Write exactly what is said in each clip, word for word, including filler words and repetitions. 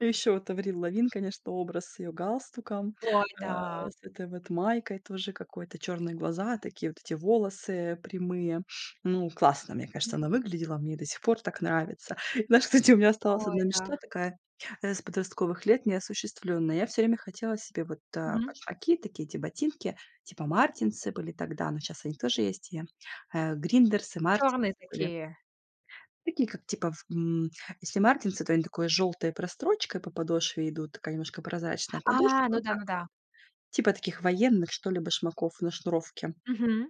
И еще вот Аврил Лавин, конечно, образ с ее галстуком, Ой, а, да! с этой вот майкой тоже какой-то, черные глаза, такие вот эти волосы прямые. Ну, классно, мне кажется, М. она выглядела, мне до сих пор так нравится. Знаешь, кстати, у меня осталась Ой, одна да. мечта такая, э, с подростковых лет неосуществлённая. Я всё время хотела себе вот, э, Мгм. башмаки такие, эти ботинки типа "Мартинсы" были тогда, но сейчас они тоже есть, и, э, "Гриндерсы", Чёрные "Мартинсы" были. такие. Такие, как, типа, в м, если "Мартинсы", то они с такой жёлтой прострочкой по подошве идут, и такая немножко прозрачная А, подошва, ну да, как ну да. вот таких военных, что ли, башмаков на шнуровке. Мгм.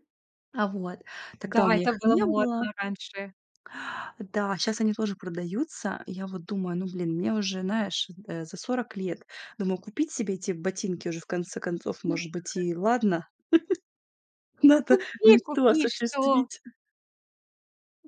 А, вот, Да, тогда у меня это их было не было. модно раньше. Да, щас они тоже продаются. И я вот думаю: ну, блин, мне уже, знаешь, э, за сорок лет. Думаю, купить себе эти ботинки уже, в конце концов, М. может быть, и ладно, надо Купи мечту купи что! осуществить.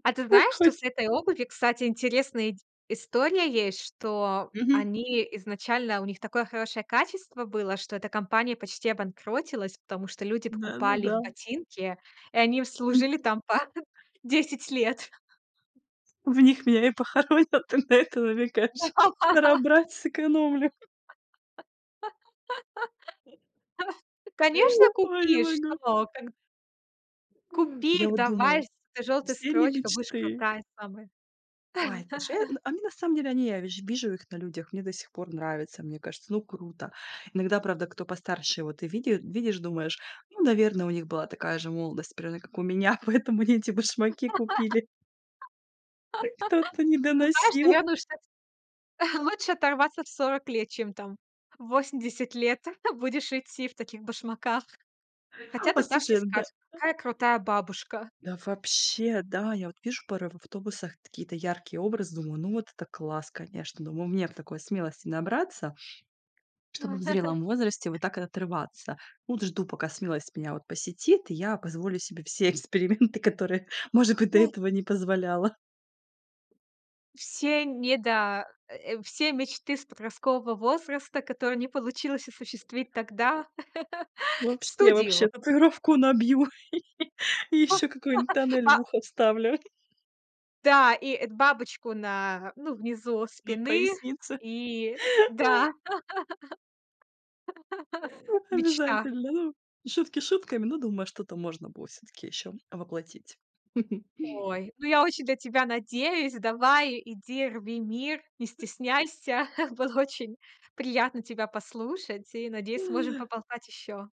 А ты знаешь, что с Выходим. этой обувью, кстати, интересная ид история есть, что Мгм. они изначально у них такое хорошее качество было, что эта компания почти обанкротилась, потому что люди покупали их Да-да-да. ботинки, и они им служили Мгм. там по десять лет. В них меня и похоронят, ты на это Да. намекаешь? Надо брать, сэкономлю. Конечно, Ой, не купи, могу! что! Когд Купи Я их, вот давай, думаю, с этой жёлтой все они строчкой. Будешь мечты крутая самая. Ой, слушай, я а мне, на самом деле, они я ви же вижу их на людях, мне до сих пор нравится. Мне кажется, ну, круто. Иногда, правда, кто постарше, и вот ты види э, видишь, думаешь: "Ну, наверное, у них была такая же молодость, примерно как у меня, поэтому они эти башмаки купили". Опять кто-то не Ты знаешь, доносил. тебе лучше стать, лучше оторваться в сорок лет, чем там в восемьдесят лет будешь идти в таких башмаках. Хотя тогда все Послушай, да. скажут: "Какая крутая бабушка". Да вообще, да. Я вот вижу пары в автобусах, какие-то яркие образы. Думаю: "Ну, вот это класс, конечно". Думаю: "Мне б такой смелости набраться, чтобы в М. зрелом возрасте вот так вот отрываться". Ну вот, жду, пока смелость меня вот посетит, и я позволю себе все эксперименты, которые, может быть, до М. этого не позволяла. Все недо э, все мечты с подросткового возраста, которые не получилось осуществить тогда, в Вообще студию. вообще татуировку набью, и и ещё какой-нибудь тоннель Па в ухо вставлю. Да, и эт бабочку на, ну, внизу На спины. пояснице. И да, мечта. Обязательно. Ну, шутки шутками, ну, думаю, что-то можно было всё-таки ещё воплотить. Ой, ну, я очень для тебя надеюсь. Давай, иди, рви мир, не стесняйся. Было очень приятно тебя послушать. И, надеюсь, сможем поболтать ещё.